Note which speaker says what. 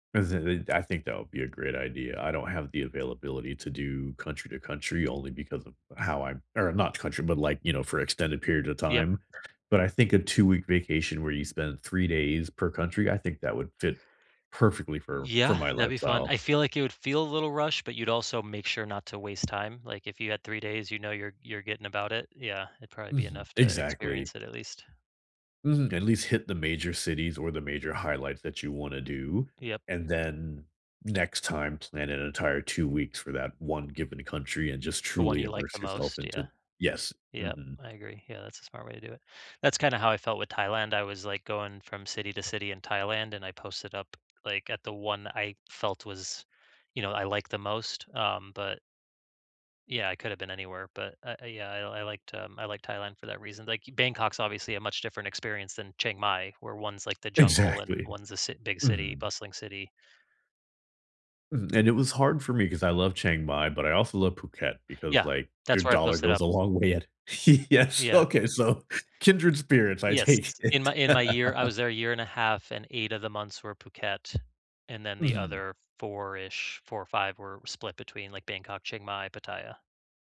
Speaker 1: Listen they'd I think that would be a great idea. I don't have the availability to do country to country only because of how I'm er, not country, but, like, you know, for extended periods of
Speaker 2: Yep.
Speaker 1: time, but I think a two-week vacation where you spend 3 days per country, I think that would fit perfectly for for
Speaker 2: Yeah,
Speaker 1: my
Speaker 2: that'd be fun.
Speaker 1: lifestyle.
Speaker 2: I feel, like, it would feel a little rushed, but you'd also make sure not to waste time, like, if you had 3 days, you know, you're you're getting about it. Yeah, it'd prolly be
Speaker 1: Mhm.
Speaker 2: enough to
Speaker 1: Exactly.
Speaker 2: experience it at least.
Speaker 1: Mhm, at least hit the major cities or the major highlights that you wanna do,
Speaker 2: Yep.
Speaker 1: and then next time, plan an entire 2 weeks for that one given country and just
Speaker 2: The one
Speaker 1: truly
Speaker 2: you like the
Speaker 1: immerse yourself
Speaker 2: most, yeah.
Speaker 1: into Yes,
Speaker 2: Yep,
Speaker 1: mhm.
Speaker 2: I agree. Yeah, that's a smart way to do it. That's kinda how I felt with Thailand, I was, like, going from city to city in Thailand, and I posted up, like, at the one I felt was, you know, I liked the most. Um, but yeah, I coulda been anywhere, but uh uh yeah, I'll I liked, um I liked Thailand for that reason, like, Bangkok's obviously a much different experience than Chiang Mai, where one's, like, the jungle and
Speaker 1: Exactly.
Speaker 2: one's a cit big city
Speaker 1: Mhm.
Speaker 2: bustling city.
Speaker 1: Mhm, and it was hard for me 'cause I love Chiang Mai, but I also love Phuket because,
Speaker 2: Yeah.
Speaker 1: like, your
Speaker 2: That's where I
Speaker 1: dollar
Speaker 2: posted
Speaker 1: goes
Speaker 2: up.
Speaker 1: a long way at Yes,
Speaker 2: Yeah.
Speaker 1: okay, so, kindred spirits, I
Speaker 2: Yes.
Speaker 1: take
Speaker 2: In
Speaker 1: it.
Speaker 2: my in my year, I was there a year and a half, and 8 of the months were Phuket, and then the
Speaker 1: Mhm.
Speaker 2: other four-ish 4, 5 were split between, like, Bangkok, Chiang Mai, Pattaya.